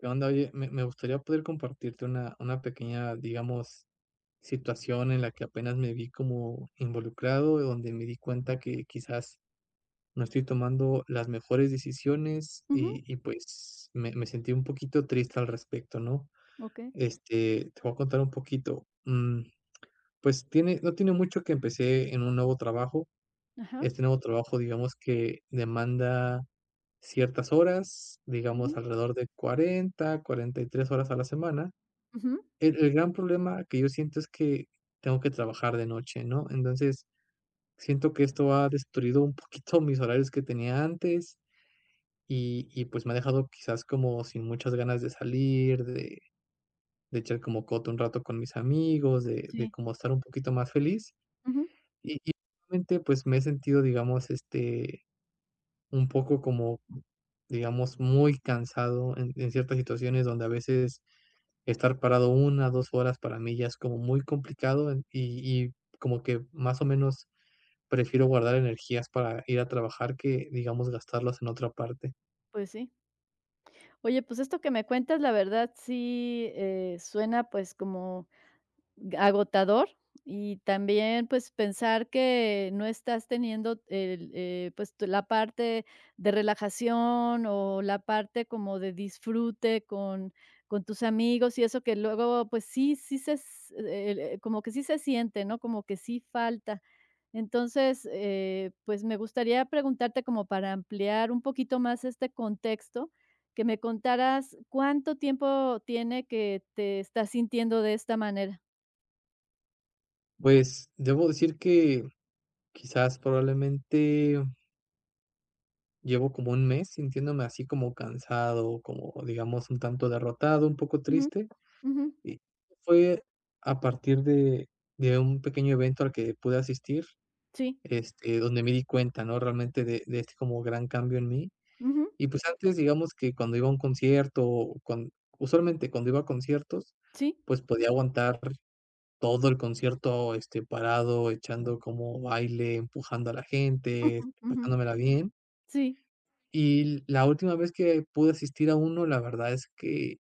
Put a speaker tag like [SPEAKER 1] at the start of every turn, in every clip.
[SPEAKER 1] Que onda, oye, me me gustaría poder compartirte una una pequeña, digamos, situación en la que apenas me vi como involucrado, donde me di cuenta que, quizás no estoy tomando las mejores decisiones
[SPEAKER 2] Ujú.
[SPEAKER 1] y y pues, me me sentí un poquito triste al respecto, ¿no?
[SPEAKER 2] Okey.
[SPEAKER 1] Este, te voy a contar un poquito, mm, pues tiene no tiene mucho que empecé en un nuevo trabajo.
[SPEAKER 2] Ajá.
[SPEAKER 1] Este nuevo trabajo, digamos que demanda ciertas horas,
[SPEAKER 2] Ujú.
[SPEAKER 1] digamos alrededor de 40, 43 horas a la semana,
[SPEAKER 2] Ujú.
[SPEAKER 1] el el gran problema que yo siento es que, tengo que trabajar de noche, ¿no? Entonces, siento que esto ha destruido un poquito mis horarios que tenía antes, y y pues me ha dejado, quizás como sin muchas ganas de salir, de de echar como coto un rato con mis amigos, de de,
[SPEAKER 2] Sí.
[SPEAKER 1] como estar un poquito más feliz
[SPEAKER 2] Ujú.
[SPEAKER 1] y y pues, me he sentido, digamos este, un poco como digamos, muy cansado en en ciertas situaciones, donde a veces, estar parado 1, 2 horas, para mí ya es como muy complicado, en y y como que más o menos prefiero guardar energías para ir a trabajar, que digamos, gastarlas en otra parte.
[SPEAKER 2] Pues sí. Oye, pues, esto que me cuentas, la verdad sí, eh, suena pues como agotador. Y también, pues, pensar que no estás teniendo el, eh, pues, la parte de relajación, o la parte como de disfrute con con tus amigos, y eso que luego, pues, sí sí se como que sí se siente, ¿no?, como que sí falta. Entonces, eh, pues, me gustaría preguntarte como para ampliar un poquito más este contexto que me contaras, ¿cuánto tiempo tiene, que te estás sintiendo de esta manera?
[SPEAKER 1] Pues, debo decir que, quizás, probablemente llevo como 1 mes sintiéndome así como cansado, como digamos un tanto derrotado, un poco
[SPEAKER 2] Ujú,
[SPEAKER 1] triste.
[SPEAKER 2] ujú.
[SPEAKER 1] Y fue a partir de de un pequeño evento al que pude asistir,
[SPEAKER 2] Sí.
[SPEAKER 1] este, donde me di cuenta, ¿no?, realmente de de este como gran cambio en mí.
[SPEAKER 2] Ujú.
[SPEAKER 1] Y pues, antes digamos que cuando iba a un concierto cuan usualmente cuando iba a conciertos,
[SPEAKER 2] Sí.
[SPEAKER 1] pues, podía aguantar todo el concierto este parado echando como baile empujando a la gente
[SPEAKER 2] Jum, ujú,
[SPEAKER 1] pasándomela bien
[SPEAKER 2] sí.
[SPEAKER 1] y la última vez que pude asistir a uno. La verdad es que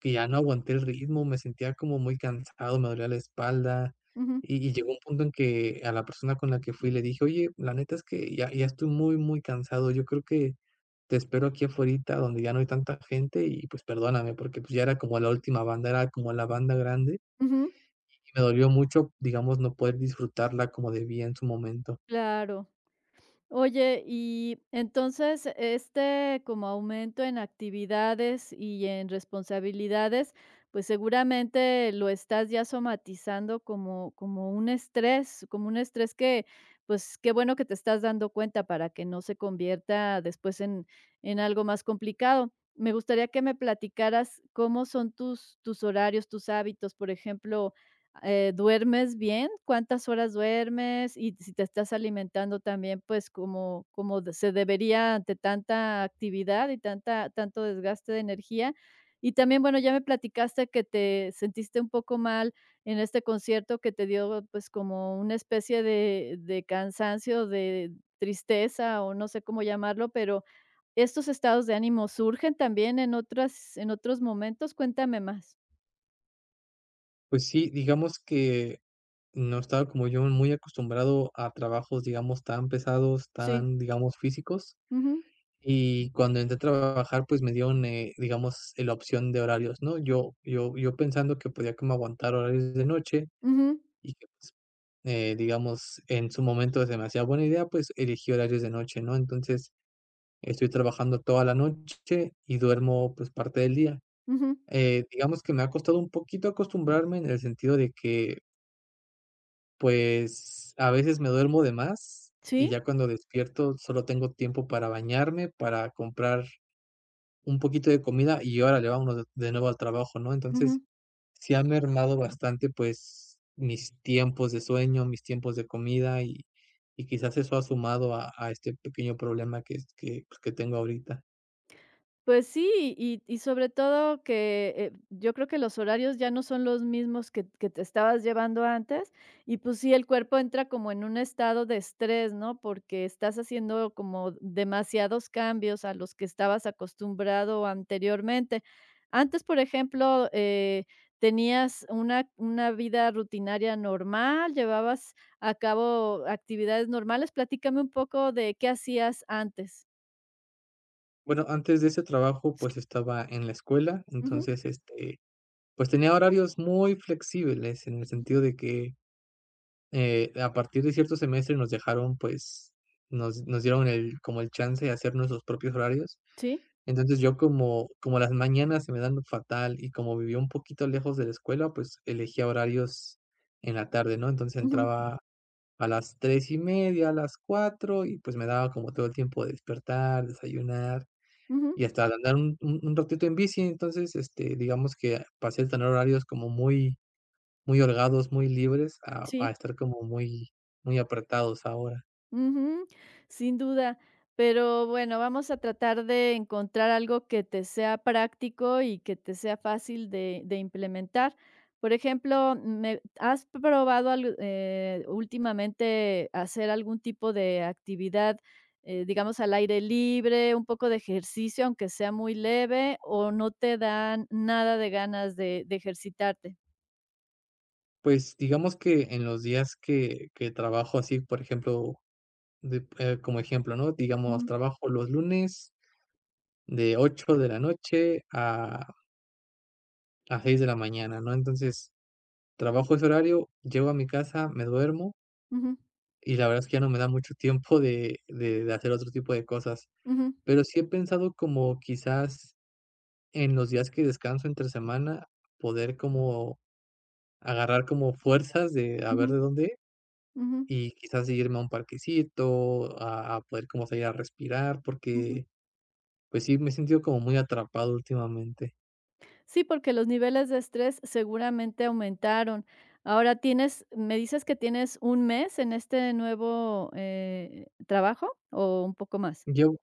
[SPEAKER 1] que ya no aguanté el ritmo. Me sentía como muy cansado. Me dolía la espalda.
[SPEAKER 2] Ujú.
[SPEAKER 1] Y y llegó un punto en que a la persona con la que fui le dije: "Oye, la neta es que ya ya estoy muy, muy cansado. Yo creo que te espero aquí afuerita, donde ya no hay tanta gente, y pues perdóname", porque pues, ya era como la última banda, era como la banda grande
[SPEAKER 2] Ujú.
[SPEAKER 1] y me dolió mucho, digamos, no poder disfrutarla como debía en su momento.
[SPEAKER 2] Claro. Oye, y entonces, este como aumento en actividades y en responsabilidades, pues, seguramente lo estás ya somatizando como como un estrés como un estrés que, pues qué bueno que te estás dando cuenta para que no se convierta después en en algo más complicado. Me gustaría que me platicaras cómo son tus tus horarios, tus hábitos, por ejemplo, eh, ¿duermes bien? ¿Cuántas horas duermes? Y si te estás alimentando también, pues, como como se debería ante tanta actividad. y tanta tanto desgaste de energía. Y también bueno, ya me platicaste que te sentiste un poco mal en este concierto que te dio, pues, como una especie de de cansancio, de tristeza, o no sé cómo llamarlo, pero, ¿estos estados de ánimo surgen también en otras en otros momentos? ¿Cuéntame más?
[SPEAKER 1] Pues sí, digamos que no estaba como yo muy acostumbrado a trabajos, digamos tan pesados,
[SPEAKER 2] Sí.
[SPEAKER 1] tan digamos físicos
[SPEAKER 2] Ujú.
[SPEAKER 1] y cuando entré a trabajar, pues me dieron, eh, digamos la opción de horarios, ¿no?, yo yo yo pensando que podía como aguantar horarios de noche
[SPEAKER 2] Ujú.
[SPEAKER 1] y que pues, eh, digamos, en su momento es demasiado buena idea. Pues elegí horarios de noche, ¿no? Entonces estoy trabajando toda la noche y duermo, pues parte del día,
[SPEAKER 2] Ujú.
[SPEAKER 1] eh, digamos que me ha costado un poquito acostumbrarme en el sentido de que pues a veces me duermo de más y
[SPEAKER 2] Sí.
[SPEAKER 1] ya cuando despierto, solo tengo tiempo para bañarme para comprar un poquito de comida y órale vamonos de nuevo al trabajo, ¿no? Entonces
[SPEAKER 2] Ujú.
[SPEAKER 1] sí ha mermado bastante. Pues mis tiempos de sueño, mis tiempos de comida y y quizás eso ha sumado a a este pequeño problema que es que que tengo ahorita.
[SPEAKER 2] Pues sí, y y sobre todo que eh, yo creo que los horarios ya no son los mismos que que te estabas llevando antes y pues sí, el cuerpo entra como en un estado de estrés, ¿no?, porque estás haciendo como demasiados cambios a los que estabas acostumbrado anteriormente, antes, por ejemplo, eh, ¿tenías una una vida rutinaria normal? ¿Llevabas a cabo actividades normales? Platícame un poco de, ¿qué hacías antes?
[SPEAKER 1] Bueno, antes de ese trabajo,
[SPEAKER 2] Sí.
[SPEAKER 1] pues estaba en la escuela.
[SPEAKER 2] Ujú.
[SPEAKER 1] Entonces este, pues tenía horarios muy flexibles en el
[SPEAKER 2] Ujú.
[SPEAKER 1] sentido de que, eh, a partir de cierto semestre nos dejaron pues nos nos dieron el como el chance de hacer nuestros propios horarios.
[SPEAKER 2] Sí.
[SPEAKER 1] Entonces yo como como las mañanas se me dan fatal y como vivía un poquito lejos de la escuela, pues elegía horarios en la tarde, ¿no? Entonces
[SPEAKER 2] Ujú.
[SPEAKER 1] entraba a las 3 y media, a las 4 y pues me daba como todo el tiempo de despertar, desayunar
[SPEAKER 2] Ujú.
[SPEAKER 1] y hasta de andar un un un ratito en bici. Entonces este digamos que pasé a tener horarios como muy muy holgados, muy libres a a
[SPEAKER 2] Sí.
[SPEAKER 1] estar como muy, muy apretados ahora.
[SPEAKER 2] Ujú, sin duda, pero bueno, vamos a tratar de encontrar algo que te sea práctico y que te sea fácil de de implementar. Por ejemplo, mm, me, ¿has probado al eh, últimamente hacer algún tipo de actividad, eh, digamos al aire libre, un poco de ejercicio, aunque sea muy leve o no te dan nada de ganas de de ejercitarte?
[SPEAKER 1] Pues digamos que en los días que que trabajo así, por ejemplo, de, eh, como ejemplo, ¿no?, digamos
[SPEAKER 2] Ujú.
[SPEAKER 1] trabajo los lunes, de 8 de la noche a a 6 de la mañana, ¿no?, entonces trabajo ese horario, llego a mi casa, me duermo.
[SPEAKER 2] Ujú.
[SPEAKER 1] Y la verdad es que ya no me da mucho tiempo de de de hacer otro tipo de cosas,
[SPEAKER 2] Ujú.
[SPEAKER 1] pero sí he pensado como quizás en los días que descanso entre semana, poder como agarrar como fuerzas de a ver
[SPEAKER 2] Ujú.
[SPEAKER 1] de dónde,
[SPEAKER 2] Ujú.
[SPEAKER 1] y quizás irme a un parquecito a a poder como salir a respirar,
[SPEAKER 2] Ujú.
[SPEAKER 1] porque, pues sí, me he sentido como muy atrapado últimamente.
[SPEAKER 2] Sí, porque los niveles de estrés seguramente aumentaron, ahora tienes ¿me dices que tienes un mes en este nuevo, eh, trabajo o un poco más?
[SPEAKER 1] Llevo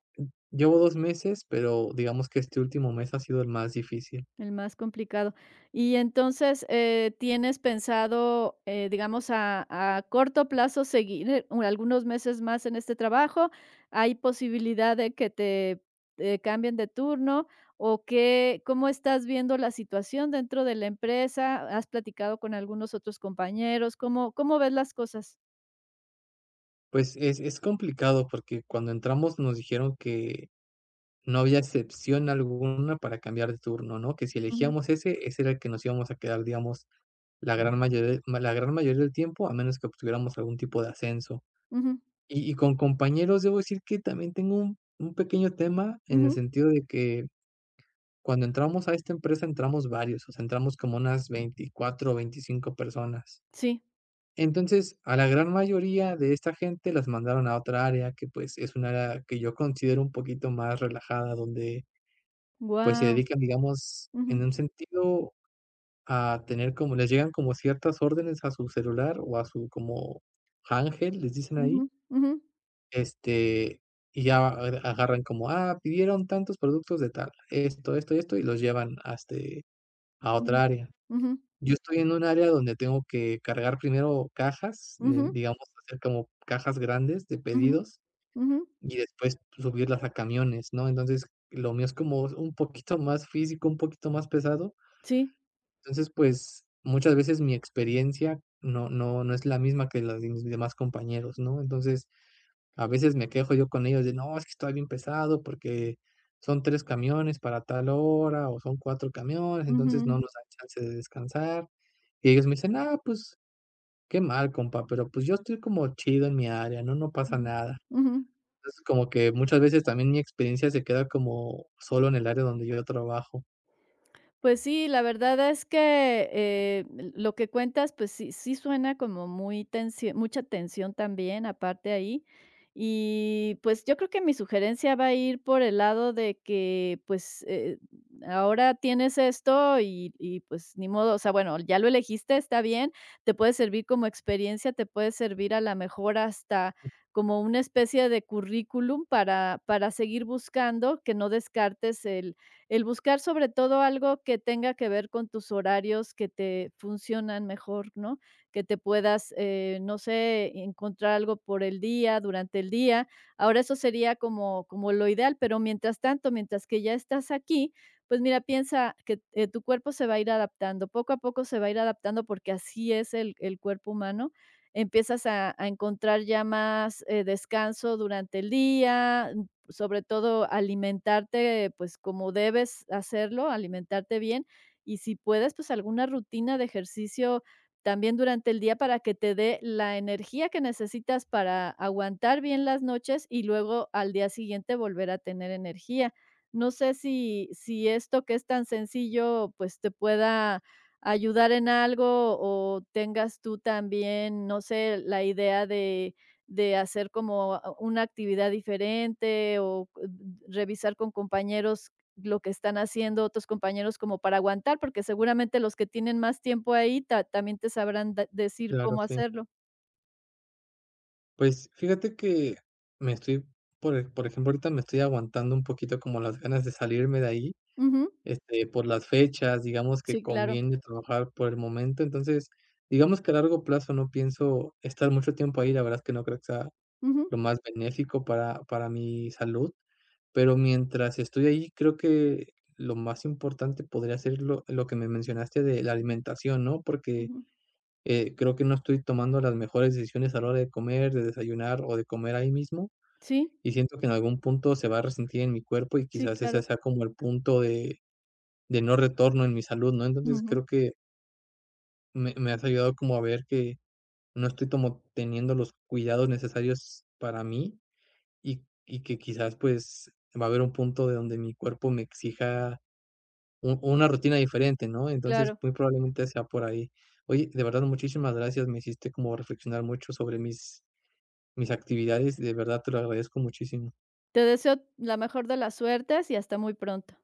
[SPEAKER 1] llevo 2 meses, pero digamos que este último mes ha sido el más difícil.
[SPEAKER 2] El más complicado, y entonces, eh, tienes pensado, eh, digamos a a corto plazo seguir algunos meses más en este trabajo, ¿hay posibilidad de que te, eh, cambien de turno o qué cómo estás viendo la situación dentro de la empresa?, ¿has platicado con algunos otros compañeros?, ¿cómo cómo ves las cosas?
[SPEAKER 1] Pues, es es complicado, porque cuando entramos nos dijeron que no había excepción alguna para cambiar de turno, ¿no?, que si
[SPEAKER 2] Ujú.
[SPEAKER 1] elegíamos ese, ese era el que nos íbamos a quedar, digamos, la gran mayoría de la gran mayoría del tiempo, a menos que obtuviéramos algún tipo de ascenso.
[SPEAKER 2] Ujú.
[SPEAKER 1] Y y con compañeros, debo decir que también tengo un un pequeño tema en el
[SPEAKER 2] Ujú.
[SPEAKER 1] sentido de que cuando entramos a esta empresa, entramos varios o sea entramos como unas 24 o 25 personas.
[SPEAKER 2] Sí.
[SPEAKER 1] Entonces, a la gran mayoría de esta gente, las mandaron a otra área que, pues, es un área que yo considero un poquito más relajada, donde, pues, se
[SPEAKER 2] Guau.
[SPEAKER 1] dedican, digamos,
[SPEAKER 2] Ujú.
[SPEAKER 1] en un sentido a tener como les llegan como ciertas órdenes a su celular o a su como ángel, les dicen ahí
[SPEAKER 2] Ujú, ujú.
[SPEAKER 1] este, y ya a a agarran como: "Ah, pidieron tantos productos de tal, esto, esto y esto", y los llevan a, este, a
[SPEAKER 2] Ujú,
[SPEAKER 1] otra área.
[SPEAKER 2] ujú.
[SPEAKER 1] Yo estoy en un área donde tengo que cargar primero cajas,
[SPEAKER 2] Ujú.
[SPEAKER 1] digamos, hacer como cajas grandes de
[SPEAKER 2] Ujú,
[SPEAKER 1] pedidos
[SPEAKER 2] ujú.
[SPEAKER 1] y después subirlas a camiones, ¿no? Entonces, lo mío es como es un poquito más físico, un poquito más pesado.
[SPEAKER 2] Sí.
[SPEAKER 1] Entonces, pues, muchas veces mi experiencia no no no es la misma que la de mis demás compañeros, ¿no? Entonces, a veces, me quejo yo con ellos de: "No, es que estoy bien pesado, porque son 3 camiones para tal hora o son 4 camiones, entonces, no
[SPEAKER 2] Ujú.
[SPEAKER 1] nos da chance de descansar". Y ellos me dicen: "Ah, pues, qué mal, compa, pero, pues, yo estoy como chido en mi área, no, no pasa
[SPEAKER 2] Ujú,
[SPEAKER 1] nada".
[SPEAKER 2] ujú.
[SPEAKER 1] Entonces, como que muchas veces también mi experiencia se queda como solo en el área donde yo trabajo.
[SPEAKER 2] Pues, sí, la verdad es que, eh, l lo que cuentas, pues, sí sí suena como muy tensio mucha tensión también aparte ahí. Y, pues, yo creo que mi sugerencia va a ir por el lado de que, pues, eh eh, ahora tienes esto y y, pues, ni modo, o sea, bueno, ya lo elegiste, está bien. Te puede servir como experiencia, te puede servir, a la mejor, hasta como una especie de currículum para para seguir buscando que no descartes el el buscar, sobre todo, algo que tenga que ver con tus horarios que te funcionan mejor, ¿no?, que te puedas, eh, no sé, encontrar algo por el día, durante el día. Ahora eso sería como como lo ideal, pero mientras tanto, mientras que ya estás aquí, pues, mira, piensa que, eh, tu cuerpo se va a ir adaptando, poco a poco se va a ir adaptando, porque así es el el cuerpo humano, empiezas a a encontrar ya más, eh descanso durante el día, sobre todo alimentarte, pues, como debes hacerlo, alimentarte bien y si puedes, pues, alguna rutina de ejercicio también durante el día para que te dé la energía que necesitas para aguantar bien las noches y luego, al día siguiente, volver a tener energía. No sé, si si esto que es tan sencillo, pues, te pueda ayudar en algo o tengas tú, también, no sé, la idea de de hacer como una actividad diferente, o n n n revisar con compañeros lo que están haciendo otros compañeros como para aguantar, porque, seguramente, los que tienen más tiempo ahí ta también te sabrán da decir
[SPEAKER 1] Claro,
[SPEAKER 2] cómo
[SPEAKER 1] sí.
[SPEAKER 2] hacerlo.
[SPEAKER 1] Pues, fíjate que me estoy por e por ejemplo, ahorita me estoy aguantando un poquito como las ganas de salirme de ahí
[SPEAKER 2] Ujú.
[SPEAKER 1] este por las fechas. Digamos que
[SPEAKER 2] Sí, claro.
[SPEAKER 1] conviene trabajar por el momento. Entonces digamos que a largo plazo no pienso estar mucho tiempo ahí. La verdad es que no creo que sea
[SPEAKER 2] Ujú.
[SPEAKER 1] lo más benéfico para para mi salud. Pero mientras estoy ahí, creo que lo más importante podría ser lo lo que me mencionaste de la alimentación, ¿no?, porque
[SPEAKER 2] Ujú.
[SPEAKER 1] eh, creo que no estoy tomando las mejores decisiones a la hora de comer, de desayunar o de comer ahí mismo
[SPEAKER 2] Sí.
[SPEAKER 1] y siento que en algún punto se va a resentir en mi cuerpo y
[SPEAKER 2] Sí,
[SPEAKER 1] quizás ese
[SPEAKER 2] claro.
[SPEAKER 1] sea como el punto de de no retorno en mi salud, ¿no? Entonces
[SPEAKER 2] Ujú.
[SPEAKER 1] creo que me me has ayudado como a ver que no estoy como teniendo los cuidados necesarios para mí y y que quizás, pues, va a haber un punto de donde mi cuerpo me exija u una rutina diferente, ¿no? Entonces
[SPEAKER 2] Claro.
[SPEAKER 1] muy probablemente sea por ahí. Oye, de verdad, muchísimas gracias, me hiciste como reflexionar mucho sobre mis mis actividades, de verdad te lo agradezco muchísimo.
[SPEAKER 2] Te deseo la mejor de las suertes y hasta muy pronto.